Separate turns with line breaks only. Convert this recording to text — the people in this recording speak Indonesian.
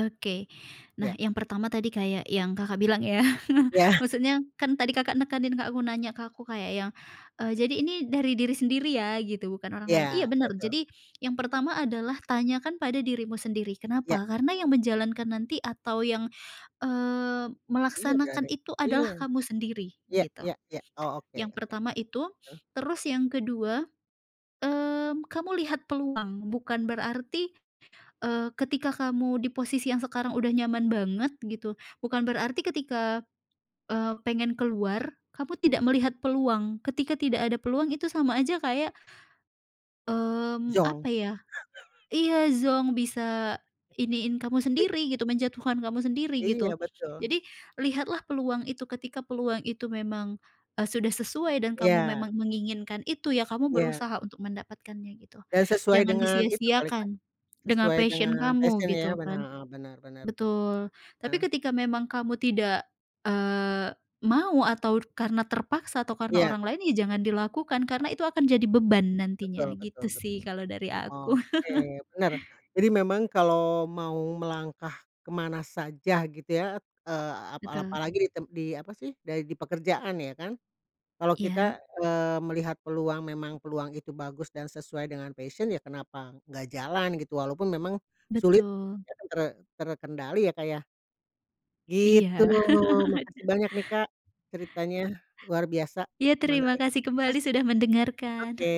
Oke. Nah,
Ya.
yang pertama tadi kayak yang Kakak bilang ya,
Ya.
maksudnya kan tadi Kakak nekanin ke aku, nanya ke aku kayak yang, eee, "Jadi ini, dari diri sendiri ya," gitu, "bukan orang lain," iya,
Iya,
bener.
betul.
Jadi yang pertama adalah tanyakan pada dirimu sendiri,
Iya.
kenapa? Karena yang menjalankan nanti atau yang, eee,
Iya
melaksanakan
berani,
itu adalah
iya.
kamu sendiri
Ya
gitu,
ya ya, oh oke
yang
oke,
pertama itu.
heeh.
Terus yang kedua, mmm, kamu lihat peluang, bukan berarti, eee, ketika kamu di posisi yang sekarang udah nyaman banget gitu, bukan berarti ketika, eee, pengen keluar kamu tidak melihat peluang. Ketika tidak ada peluang itu sama aja kayak, mmm, apa
Zonk.
ya, iya, zonk, bisa iniin kamu
I
sendiri gitu, menjatuhkan kamu sendiri
Iya,
gitu.
betul.
Jadi lihatlah peluang itu, ketika peluang itu memang, eee, sudah sesuai dan kamu
Iya.
memang menginginkan itu, ya kamu
Iya.
berusaha untuk mendapatkannya gitu.
Dan sesuai
Jangan
dengan itu kali, Kak,
disia-siakan dengan
sesuai
passion
dengan
kamu
passion ya.
gitu
Benar,
kan.
heeh, benar benar.
Betul, tapi
Heeh.
ketika memang kamu tidak, eee, mau atau karena terpaksa atau karena
Iya.
orang lain, ya jangan dilakukan, karena itu akan jadi beban
Betul
nantinya,
betul
gitu
betul.
sih kalau dari aku.
Oke, benar. Jadi memang kalau mau melangkah ke mana saja gitu ya, t eee, ap
Betul.
apalagi di tem di apa sih, dai di pekerjaan ya kan. Kalau
Iya.
kita, eee, melihat peluang, memang peluang itu bagus dan sesuai dengan passion, ya kenapa nggak jalan gitu, walaupun memang sulit
Betul.
te ter terkendali ya, Kak, ya? Gitu,
Iya.
makasih banyak nih, Kak, ceritanya luar biasa
Iya, terima
menarik,
kasih kembali
makasih.
sudah
Oke.
mendengarkan.